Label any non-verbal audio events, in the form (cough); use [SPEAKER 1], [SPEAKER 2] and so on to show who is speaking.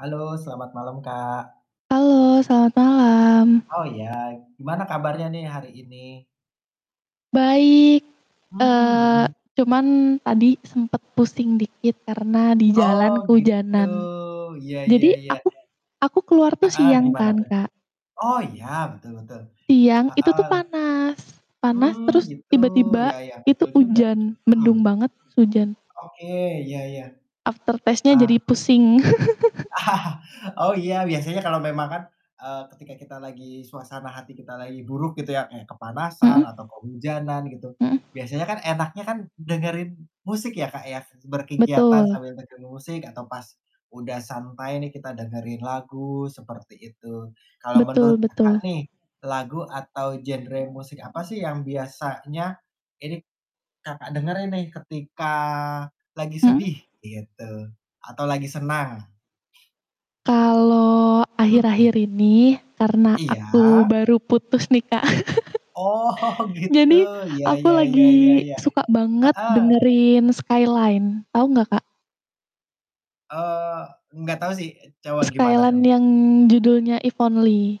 [SPEAKER 1] Halo, selamat malam, Kak.
[SPEAKER 2] Halo, selamat malam.
[SPEAKER 1] Oh ya, gimana kabarnya nih hari ini?
[SPEAKER 2] Baik,
[SPEAKER 1] Hmm,
[SPEAKER 2] eee,
[SPEAKER 1] mmm.
[SPEAKER 2] cuman tadi sempet pusing dikit karena di jalan
[SPEAKER 1] Oh, gitu.
[SPEAKER 2] kehujanan.
[SPEAKER 1] Ya ya
[SPEAKER 2] Jadi
[SPEAKER 1] ya.
[SPEAKER 2] aku aku keluar tuh
[SPEAKER 1] (chuckles)
[SPEAKER 2] siang
[SPEAKER 1] gimana
[SPEAKER 2] kan,
[SPEAKER 1] tuh?
[SPEAKER 2] Kak.
[SPEAKER 1] Oh, iya, betul betul.
[SPEAKER 2] Siang itu
[SPEAKER 1] Heeh.
[SPEAKER 2] tuh panas, panas
[SPEAKER 1] Mmm,
[SPEAKER 2] terus
[SPEAKER 1] gitu,
[SPEAKER 2] tiba-tiba
[SPEAKER 1] ya ya,
[SPEAKER 2] itu
[SPEAKER 1] betul juga.
[SPEAKER 2] hujan,
[SPEAKER 1] Mhm.
[SPEAKER 2] mendung banget terus hujan.
[SPEAKER 1] Oke, ya ya.
[SPEAKER 2] After taste-nya
[SPEAKER 1] Ah.
[SPEAKER 2] jadi pusing. (chuckles)
[SPEAKER 1] (laughs) Oh ya, biasanya kalau memang kan, eee, ketika kita lagi suasana hati kita lagi buruk gitu ya, kayak kepanasan
[SPEAKER 2] Mhm.
[SPEAKER 1] atau kehujanan gitu,
[SPEAKER 2] Mhm.
[SPEAKER 1] biasanya kan enaknya kan dengerin musik ya, Kak, ya, berkegiatan
[SPEAKER 2] Betul.
[SPEAKER 1] sambil dengerin musik atau pas udah santai nih kita dengerin lagu, seperti itu. Kalau menurut
[SPEAKER 2] Betul
[SPEAKER 1] Kakak
[SPEAKER 2] betul.
[SPEAKER 1] nih, lagu atau genre musik apa sih yang biasanya ini k Kakak dengerin nih ketika lagi
[SPEAKER 2] Hmm.
[SPEAKER 1] sedih gitu atau lagi senang?
[SPEAKER 2] Kalau
[SPEAKER 1] Mhm.
[SPEAKER 2] akhir-akhir ini karena
[SPEAKER 1] Iya.
[SPEAKER 2] aku baru putus nih, Kak.
[SPEAKER 1] Oh,
[SPEAKER 2] (chuckles)
[SPEAKER 1] gitu.
[SPEAKER 2] Jadi
[SPEAKER 1] Ya
[SPEAKER 2] aku
[SPEAKER 1] ya ya ya
[SPEAKER 2] lagi
[SPEAKER 1] ya.
[SPEAKER 2] suka banget
[SPEAKER 1] Heeh.
[SPEAKER 2] dengerin Skyline, tau nggak, Kak?
[SPEAKER 1] Eee, nggak tau sih, coba gimana
[SPEAKER 2] Skyline
[SPEAKER 1] tuh?
[SPEAKER 2] yang judulnya If Only.